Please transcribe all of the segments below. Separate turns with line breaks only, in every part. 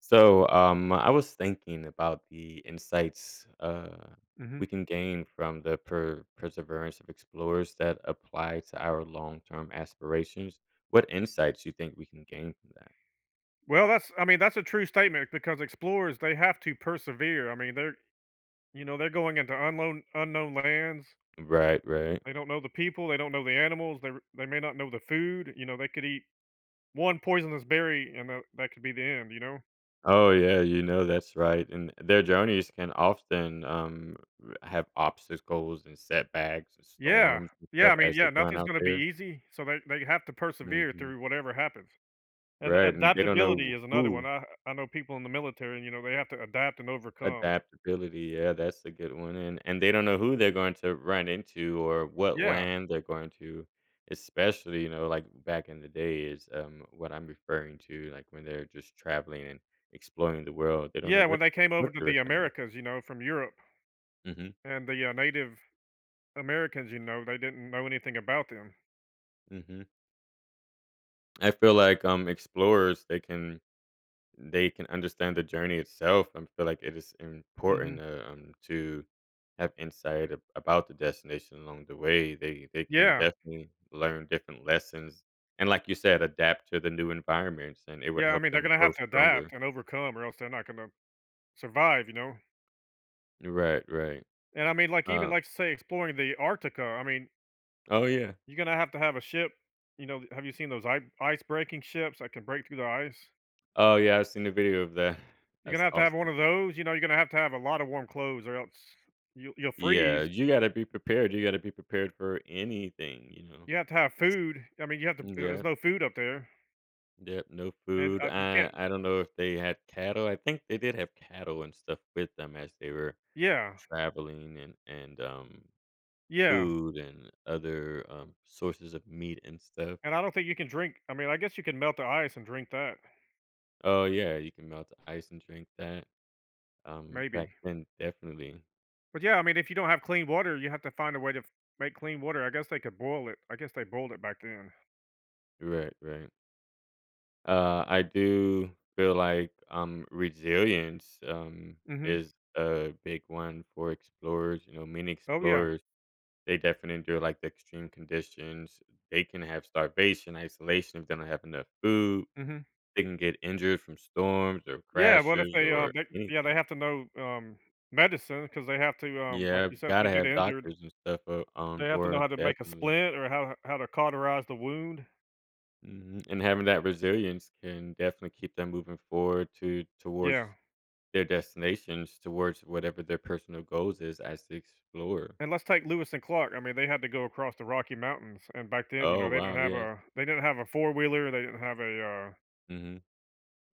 So, um, I was thinking about the insights, uh,
Mhm.
we can gain from the per perseverance of explorers that apply to our long-term aspirations. What insights you think we can gain from that?
Well, that's I mean, that's a true statement because explorers, they have to persevere, I mean, they're you know, they're going into unknown unknown lands.
Right. Right.
They don't know the people. They don't know the animals. They're they may not know the food. You know, they could eat one poisonous berry, and tha that could be the end, you know?
Oh, yeah, you know, that's right. And and their journeys can often, um, r have obstacles and setbacks and
Yeah.
storms and
Yeah,
stuff
I mean,
as they
yeah,
run
nothing's
out
gonna be
there.
easy, so they they have to persevere
Mhm.
through whatever happens. And
Right. And they don't
adaptability
know
is another one,
who
I I know people in the military, you know, they have to adapt and overcome.
Adaptability, yeah, that's a good one. And and they don't know who they're going to run into or what
Yeah.
land they're going to, especially, you know, like, back in the day is, um, what I'm referring to, like, when they're just traveling and exploring the world, they don't know
Yeah, when
what
they came over
what
to
they were
the
coming up
Americas, you know, from Europe,
Mhm.
and the, uh, Native Americans, you know, they didn't know anything about them.
Mhm. I feel like, um, explorers, they can they can understand the journey itself. I feel like it is important
Mhm.
to, um, to have insight a about the destination along the way. They they can
Yeah.
definitely learn different lessons. And like you said, adapt to the new environments, and it would
Yeah, I
help
mean, they're
them
gonna
grow
have to
stronger.
adapt and overcome or else they're not gonna survive, you know?
Right, right.
And, I mean, like, even,
Um
like, say, exploring the Arctica. I mean
Oh, yeah.
You're gonna have to have a ship you know, have you seen those i ice breaking ships that can break through the ice?
Oh, yeah, I've seen the video of that.
You're gonna
That's
have to have one
awesome
of those, you know, you're gonna have to have a lot of warm clothes or else you’ll you'll
Yeah,
freeze.
you gotta be prepared. You gotta be prepared for anything, you know?
You have to have food. I mean, you have to uh
Mm
uh there's
Yep.
no food up there.
Yep, no
And,
food,
uh, you
I
can't
I don't know if they had cattle. I think they did have cattle and stuff with them as they were
Yeah.
traveling and and, um,
Yeah.
food and other, um, sources of meat and stuff.
And I don't think you can drink I mean, I guess you can melt the ice and drink that.
Oh, yeah, you can melt the ice and drink that. Um, back
Maybe.
then, definitely.
But, yeah, I mean, if you don't have clean water, you have to find a way to f make clean water. I guess they could boil it. I guess they boiled it back then.
Right, right. Uh, I do feel like, um, resilience, um,
Mhm.
is a big one for explorers. You know, many
Oh yeah.
explorers, they defin endure, like, the extreme conditions. They can have starvation, isolation, if they don't have enough food.
Mhm.
They can get injured from storms or
Yeah, what if
crashes
they, um,
or
they yeah, they
anything.
have to know, um, medicine 'cause they have to, um, like
Yeah,
you said, if they
gotta
get
have
injured
doctors and stuff o on
they have to know how
board,
to make a
definitely.
splint or how how to cauterize the wound.
Mhm. And having that resilience can definitely keep them moving forward to towards
Yeah.
their destinations, towards whatever their personal goals is as they explore.
And let's take Lewis and Clark, I mean, they had to go across the Rocky Mountains. And back then, you know,
Oh,
they didn't
wow,
have
yes.
a they didn't have a four-wheeler. They didn't have a, uh
Mhm.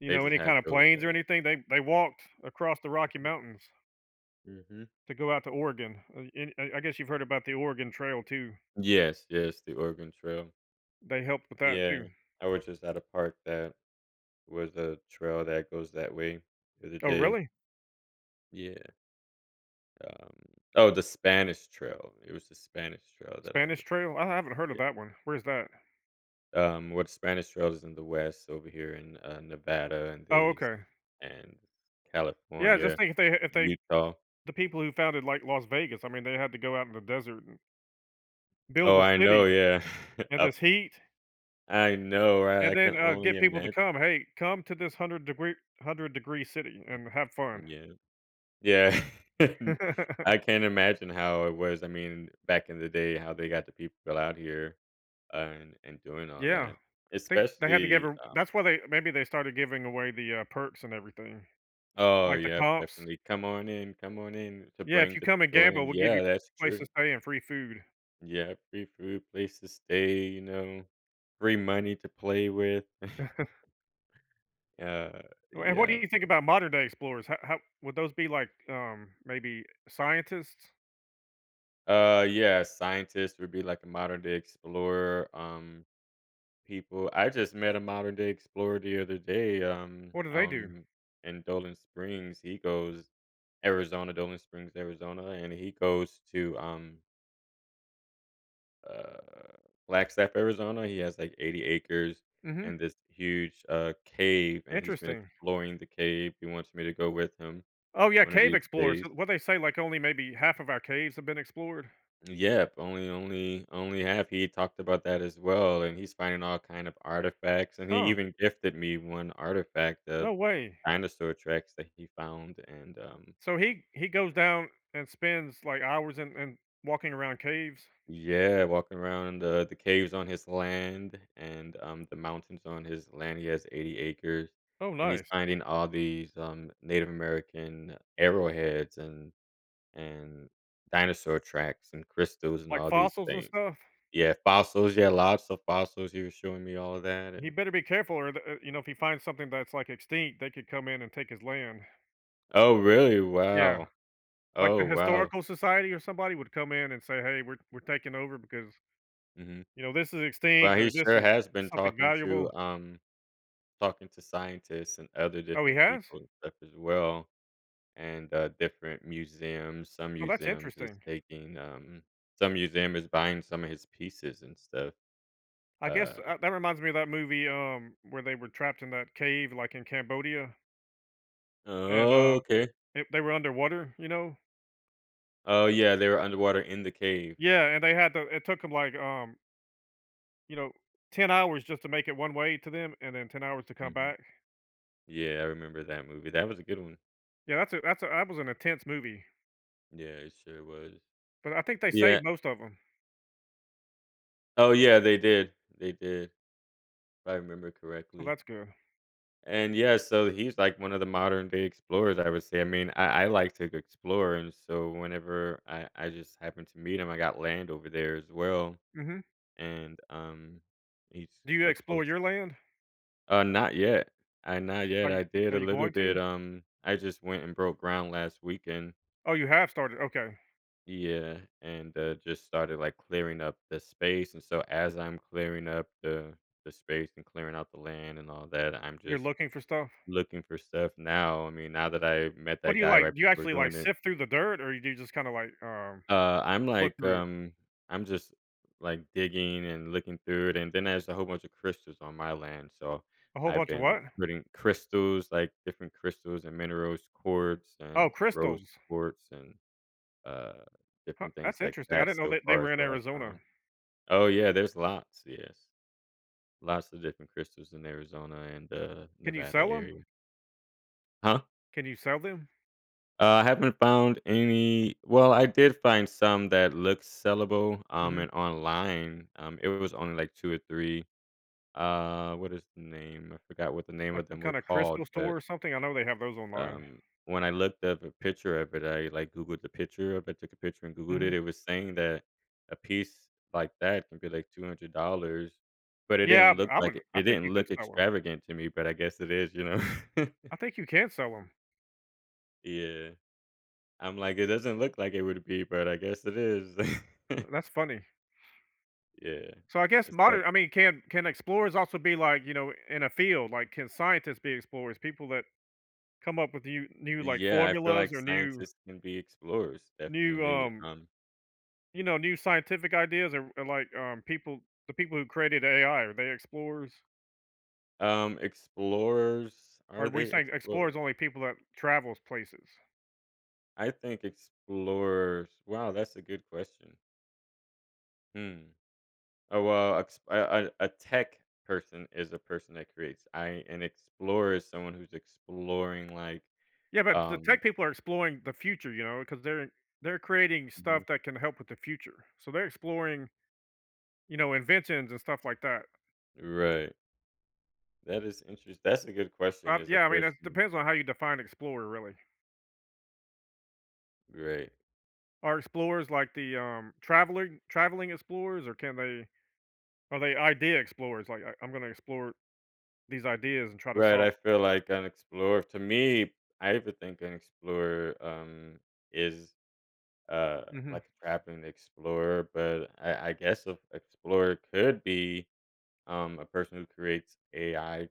you
They
know,
just
any
had
kind of
those,
planes or
uh
anything. They they walked across the
Yeah,
Rocky
yeah.
Mountains.
Mhm.
To go out to Oregon. Uh and I I guess you've heard about the Oregon Trail too.
Yes, yes. The Oregon Trail.
They helped with that
Yeah.
too.
I was just at a park that was a trail that goes that way the other
Oh,
day.
really?
Yeah. Um Oh, the Spanish Trail. It was the Spanish Trail that I
Spanish
was
Trail? I haven't heard
Ye
of that one. Where is that?
Um, what Spanish Trail is in the West over here in, uh, Nevada and
Oh,
these
okay.
and
Yeah, just
California,
think if they ha if
and
they
Utah.
the people who founded, like, Las Vegas, I mean, they had to go out in the desert and build
Oh,
a
I know,
city.
yeah.
In
Up
this heat?
I know, right,
And
I
then,
can
uh,
only
get people to
imagine.
come. "Hey, come to this 100 degree 100 degree city
M
and have fun."
mm, yeah. Yeah. I can't imagine how it was. I mean, back in the day, how they got the people out here, uh, and and doing all
Yeah.
that,
Think they had to give her
especially,
w
um
that's why they maybe they started giving away the, uh, perks and everything.
Oh,
Like, the
yep,
comps?
definitely, "Come on in come on in to
Yeah, "If
bring
you
the
come and
people
gamble,
in."
we'll give you
Yeah, that's
place to
true.
stay and free food."
Yep. Free food, place to stay, you know, free money to play with. Yeah,
And what do
yep.
you think about modern day explorers? How how would those be, like, um, maybe scientists?
Uh, yeah, scientists would be like a modern-day explorer, um, people I just met a modern-day explorer the other day, um,
What do they
out
do?
in in Dolan Springs. He goes Arizons Dolan Springs, Arizona, and he goes to, um uh, Flagstaff, Arizona. He has, like, 80 acres and
Mhm.
this huge, uh, cave, and he's been
Interesting.
exploring the cave, he wants me to go with him
Oh, yeah,
one of
cave
these
explorers!
days.
Who what'd they say, like, only maybe half of our caves have been explored?
Mm, yep. Only only only have he talked about that as well, and he's finding all kind of artifacts. And he
Huh.
even gifted me one artifact of
No way.
dinosaur tracks that he found, and, um
So he he goes down and spends, like, hours and and walking around caves?
Yeah, walking around the the caves on his land and, um, the mountains on his land- he has 80 acres-
Oh,
and he's
nice.
finding all these, um, Native American arrowheads and and dinosaur tracks and crystals and
Like
all these
fossils and
things.
stuff?
Yeah, fossils, yeah, lots of fossils, he was showing me all of that,
He
and
better be careful or the uh, you know, if he finds something that's, like, extinct, they could come in and take his land.
Oh, really?
Yeah.
Wow.
Like,
Oh,
the
wow.
historical society or somebody would come in and say, "Hey. We're we're taking over because
Mhm.
you know, this is
Well,
extinct or
he
this
sure
is
has been
something
talking to,
valuable."
um talking to scientists and other
Oh, he
different
has?
people and stuff as well and, uh, different museums. Some
Oh, that's
museums is
interesting.
taking, um some museum is buying some of his pieces and stuff.
I guess,
Uh
uh, that reminds me of that movie, um, where they were trapped in that cave, like, in Cambodia and, uh,
Okay.
they they were underwater, you know?
Oh, yeah. They were underwater in the cave.
Yeah. And they had to it took 'em, like, um you know, 10 hours just to make it one way to them, and then, 10 hours to come
Mhm.
back.
Yeah, I remember that movie. That was a good one.
Yeah. That's a that's a that was an intense movie.
Yeah, it sure was.
But I think they
Yeah.
saved most of 'em.
Oh, yeah. They did, they did, if I remember
Oh,
correctly.
that's good.
And yeah. So he's, like, one of the modern-day explorers, I would say. I mean, I I like to g explore. And so whenever I I just happened to meet him. I got land over there as well.
Mhm.
And, um, he's
Do you
a
explore
close
your land?
Uh, not yet. I not
Are
yet.
you
I did
are
a
you
little
going
bit.
to?
Um, I just went and broke ground last weekend.
Oh, you have started? Okay.
Yeah, and, uh, just started, like, clearing up the space, and so as I'm clearing up the the space and clearing out the land, and all that, I'm
You're
just
looking for stuff?
looking for stuff now. I mean, now that I met
What do
that
you
guy
like,
right
do you
before
actually, like,
doing it.
sift through the dirt, or do you just kinda like um,
Uh, I'm
look
like,
through it?
um, I'm just, like, digging and looking through it, and then there's a whole bunch of crystals on my land. So,
A whole
I've
bunch of
been
what?
putting crystals, like, different crystals and minerals, quartz,
Oh,
and rose
crystals.
quartz, and, uh,
Huh,
different things
that's
like
interesting. I
that,
didn't know
so
that they
far is
were in
what I
Arizona.
found Oh, yeah, there's lots, yes. Lots of different crystals in Arizona and, uh,
Can you
Nevada
sell 'em?
area. Huh?
Can you sell them?
Uh, I haven't found any well, I did find some that looked sellable, um,
Mhm.
in online. Um, it was only, like, 2 or 3 uh, what is the name? I forgot what the name
Like,
of
some
them were
kinda
called,
crystal
but
store or something? I know they have those online.
um, when I looked up a picture of it, I, like, Googled the picture of it, took a picture, and Googled
Mhm.
it. It was saying that a piece like that could be, like, $200, but it
Yeah,
didn't look
I would
like it
I
it
think you
didn't
could
look
sell 'em.
extravagant to me, but I guess it is, you know?
I think you can sell 'em.
Yeah. I'm like, it doesn't look like, it would be, but I guess it is.
Hm that's funny.
Yeah,
So I guess
is that
modern I mean, can can explorers also be like, you know, in a field? Like, can scientists be explorers? People that come up with you new like
Yeah, I feel
formulas
like
or new
scientists can be explorers,
new
definitely,
um
um.
you know, new scientific ideas or or, like, um, people, the people who created AI, are they explorers?
Um, explorers,
Or are
are
we
they
saying explorers
explorers?
only people that travels places.
I think explorers. Wow, that's a good question. Mm, oh a ex a a a tech person is a person that creates, I an explorer is someone who's exploring like,
Yeah, but the
um
tech people are exploring the future, you know, 'cause they're they're creating stuff
Mhm.
that can help with the future. So they're exploring you know, inventions and stuff like that.
Right. That is interest that's a good question
Uh,
is a
yeah I mean, it
person
depends on how you define explorer, really.
Right.
Are explorers like the, um, traveling traveling explorers or can they are they idea explorers? Like, I I'm gonna explore these ideas and try to
Right. I
solve
feel like an explorer, to me, I have to think, an explorer, um, is, uh,
Mhm.
like a traveling explorer, but I I guess, a an explorer could be um, a person who creates AI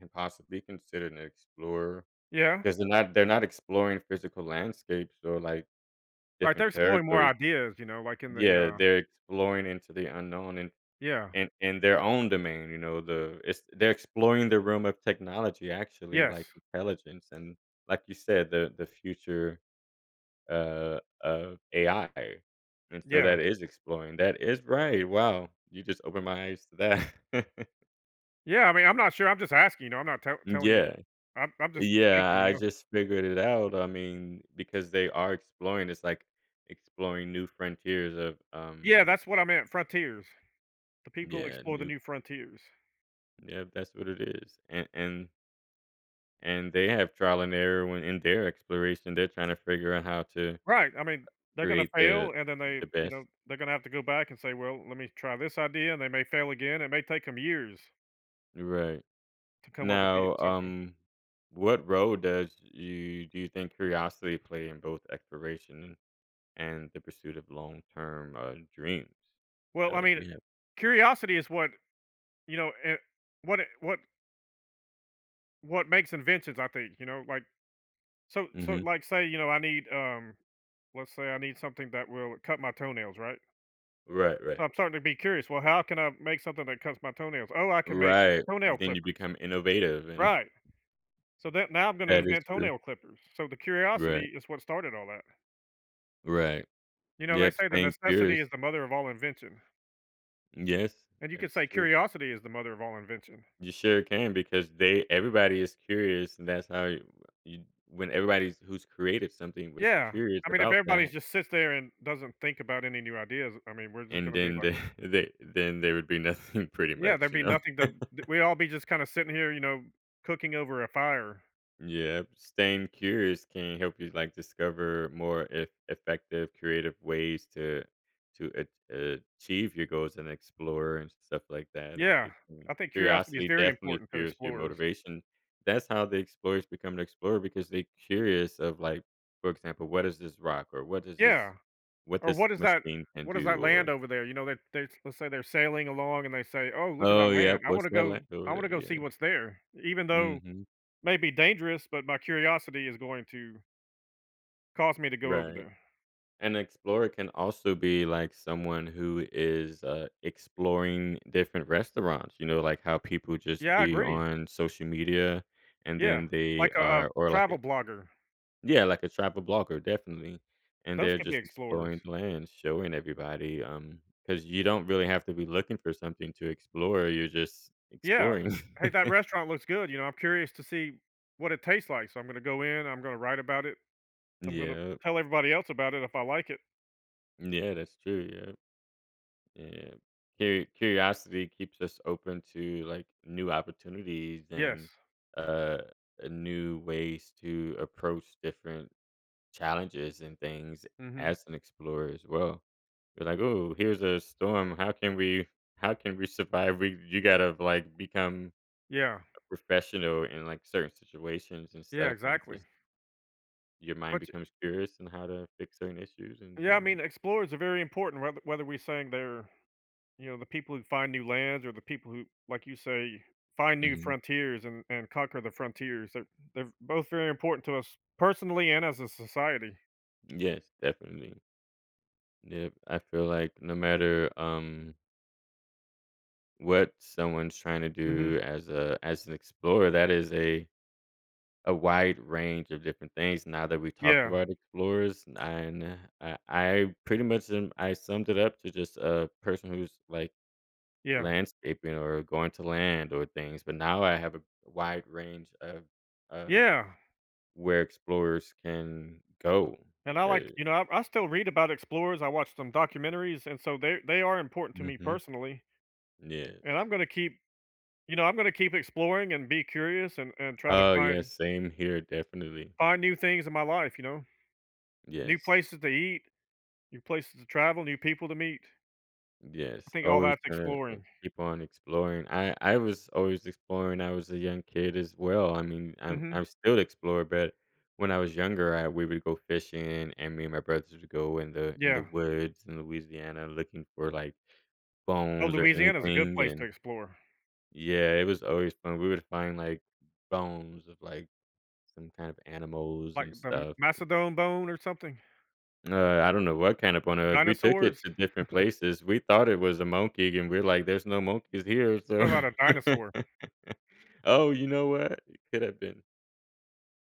can possibly considered an explorer,
Yeah.
'cause they're not they're not exploring physical landscapes or, like,
Right,
different
they're exploring more
territories.
ideas, you know, like in the j
Yeah,
uh
they're exploring into the unknown in
Yeah.
in in their own domain, you know, the it's they're exploring the realm of technology, actually,
Yes.
like, intelligence and like you said, the the future, uh, of AI. And so
Yeah.
that is exploring. That is Right, wow. You just opened my eyes to that.
Yeah, I mean, I'm not sure, I'm just asking, you know? I'm not tell
Mm
telling you
yeah.
I'm I'm just thinking,
Yeah,
you
I
know?
just figured it out. I mean, because they are exploring, it's like exploring new frontiers of, um
Yeah, that's what I meant, frontiers. The people
Yeah,
explore the
new
new frontiers.
Yeah, that's what it is. A and and they have trial and error when in their exploration. They're tryna figure out how to, uh,
Right. I mean, they're gonna
create the
fail, and then they,
the
you know,
best.
they're gonna have to go back and say, "Well, let me try this idea." And they may fail again. It may take 'em years
Right.
to come up with the
Now,
something.
um, what role does you do you think curiosity play in both exploration an and the pursuit of long-term, uh, dreams?
Well, I
Uh,
mean,
do
eh
you have
curiosity is what you know, and what it what what makes inventions, I think, you know? Like so so,
Mhm.
like, say, you know, I need, um, let's say I need something that will cut my toenails, right?
Right,
So
right.
I'm starting to be curious, "Well, how can I make something that cuts my toenails? Oh, I can make
Right.
toenail
Then you
clippers."
become innovative, and
Right. So that now I'm gonna
That is
invent
true.
toenail clippers. So, the
Right.
curiosity is what started all that.
Right,
You know, they
yep,
say that
staying
necessity
curious.
is the mother of all invention.
Yes,
And you
that
can
is
say
true.
curiosity is the mother of all invention.
You sure can, because they everybody is curious, and that's how you, uh you when everybody's who's created something was
Yeah.
curious
I mean if
about
everybody's
that
just sits there and doesn't think about any new ideas, I mean, we're just
And
gonna be
then
like
the the then there would be nothing pretty
Yeah,
much,
there'd
you
be
know?
nothing to d we all be just kinda sitting here, you know, cooking over a fire.
Yep, staying curious can help you, like, discover more eff effective, creative ways to to ach achieve your goals and explore, and stuff like that, it
Yeah,
it can
I think curiosity is
curiosity
very
definitely
important for
fuels your
explorers.
motivation. That's how the explorers become the explorer, because they curious of like, for example, "What is this rock," or, "What is
Yeah.
this what
Or,
this
"What is that
machine can
what is that
do," or
land over there?" You know, that they let's say they're sailing along and they say, "Oh, look at
Oh,
that
yep,
land, I
"What's
wanna
that
go
land over
I
there?"
wanna go see
Yeah.
what's there." Even though
Mhm.
may be dangerous, but my curiosity is going to cause me to go over
Right,
there.
an explorer can also be, like, someone who is, uh, exploring different restaurants, you know, like how people just
Yeah, I
be
agree.
on social media and
Yeah,
then they
like a a
are or like
travel
a
blogger.
Yeah, like a travel blogger, definitely, and
Those
they're
could be
just
explorers.
exploring the land, showing everybody, um, 'cause you don't really have to be looking for something to explore, you're just
Yeah,
exploring.
"Hey, that restaurant looks good," you know, "I'm curious to see what it tastes like, so I'm gonna go in, I'm gonna write about it. I'm gonna
Yep.
tell everybody else about it if I like it."
Yeah, that's true, yep. Yeah, yeah. Curi curiosity keeps us open to, like, new opportunities,
Yes.
and, uh, uh, new ways to approach different challenges and things,
Mhm.
as an explorer as well. We're like, "Ooh, here's a storm, how can we how can we survive?" We you gotta, like, become
Yeah.
a professional in, like, certain situations, and
Yeah,
stuff and
exactly.
just your mind
But ch
becomes curious on how to fix certain issues and
Yeah, I
then
mean, explorers are very important whether whether we saying they're, you know, the people who find new lands, or the people who like you say, find new
Mhm.
frontiers an and conquer the frontiers, they're they're both very important to us personally, and as a society.
Yes, definitely. Yep. I feel like no matter, um what someone's trying to
Mhm.
do as a as an explorer, that is a a wide range of different things now that we've talked
Yeah.
about explorers n and I I pretty much and I summed it up to just a person who's, like,
Yeah.
landscaping or going to land or things. But now I have a wide range of of
Yeah.
where explorers can go
And I like
becau
you know, I I still read about explorers. I watched some documentaries, and so they're they are important to me
Mhm.
personally. And
Yes.
I'm gonna keep you know, I'm gonna keep exploring and be curious and and try to
Oh, yeah,
find
same here, definitely.
find new things in my life, you know? New
Yes.
places to eat, new places to travel, new people to meet. I
Yes.
think all
Always
that's
gonna uh,
exploring.
keep on exploring. I I was always exploring, I was a young kid as well, I mean, I'm
Mhm.
I'm still explorer, but when I was younger, I we would go fishing, and and me and my brothers would go in the in the
Yeah.
woods in Louisiana looking for, like,
Oh,
bones or
Louisiana is a good
anything
place to
and
explore.
Yeah, it was always fun. We would find, like, bones of, like, some kind of animals
Like,
and
the
stuff and
mastodon bone or something?
Uh, I don't know what kind of bone it was. We took it
Dinosaurs?
to different places. We thought it was a monkey, and we're like, "There's no monkeys here,"
What
so.
about a dinosaur?
Oh, you know what? It could have been.